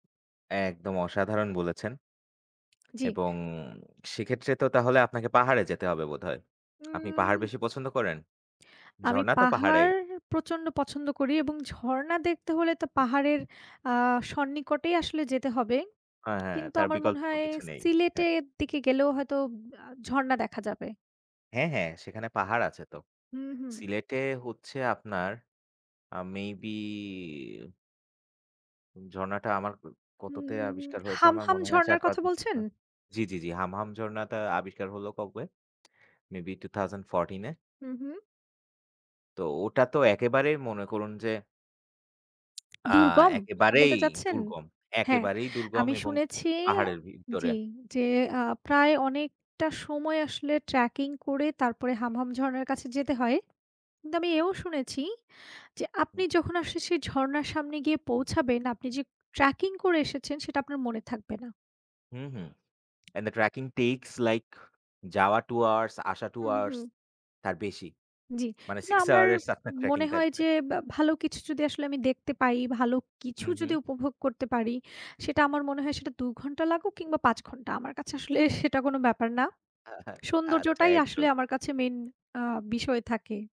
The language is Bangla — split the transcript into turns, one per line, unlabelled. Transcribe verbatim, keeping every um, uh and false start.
একদম, অসাধারন বলেছেন।
জ্বি।
এবং সেক্ষেত্রে তো তাহলে আপনাকে পাহাড়ে যেতে হবে বোধহয়। আপনি পাহাড়
উম
বেশি পছন্দ করেন?
আমি
ঝরণা তো পাহাড়েই।
পাহাড় প্রচন্ড পছন্দ করি এবং ঝরণা দেখতে হলে তো পাহাড়ের আ সন্নিকটেই আসলে যেতে হবে।
হ্যাঁ, হ্যাঁ।
কিন্তু
তার
আমার
বিকল্প
মনে হয়
কিছু
সি
নেই। হ্যাঁ।
সিলেটের দিকে গেলেও হয়তো আ ঝরণা দেখা যাবে।
হ্যাঁ, হ্যাঁ। সেখানে পাহাড় আছে তো।
হুম, হুম।
সিলেটে হচ্ছে আপনার আ মে বি উম ঝর্নাটা আমার উ কততে
হুম
আবিষ্কার হয়েছে, আমার
হামহাম
মনে আছে আর চার,
ঝরনার
পাঁচ
কথা বলছেন?
বছর জি, জি, জি। হামহাম ঝর্নাটা আবিষ্কার হলো কবে? Maybe two thousand fourteen এ?
হু, হু।
তো ওটা তো একেবারেই মনে করুন যে আ
দুর্গম, এটা বলতে
একেবারেই
চাচ্ছেন?
দুর্গম,
হ্যাঁ,
একেবারেই দুর্গম
আমি
এবং
শুনেছি
পাহাড়ের ভিতরে।
জি, যে আ প্রায় অনেকটা সময় আসলে tracking করে তারপরে হামহাম ঝরনার কাছে যেতে হয়। কিন্তু আমি
হু।
এও শুনেছি যে আপনি
হুম।
যখন আসলে সেই ঝরনার সামনে গিয়ে পৌঁছাবেন আপনি যে tracking করে এসেছেন, সেটা আপনার মনে থাকবে না।
হুম, হুম। And the tracking takes like যাওয়া two hours, আসা two
হু,
hours,
হু।
তার বেশি।
জ্বি।
মানে
কিন্তু
six
আমার
hours এ আপনার ট্র্যাকিং
মনে হয়
থাকবে।
যে বে ভালো কিছু যদি আসলে আমি দেখতে পাই, ভালো
হু,
কিছু
হু।
যদি উপভোগ করতে পারি, সেটা আমার মনে হয় সেটা দু ঘন্টা লাগুক কিংবা, পাঁচ ঘন্টা, আমার কাছে আসলে সেটা কোনো ব্যাপার না।
আহা আচ্ছা,
সৌন্দর্যটাই আসলে
একদম।
আমার কাছে মেইন আ বিষয় থাকে।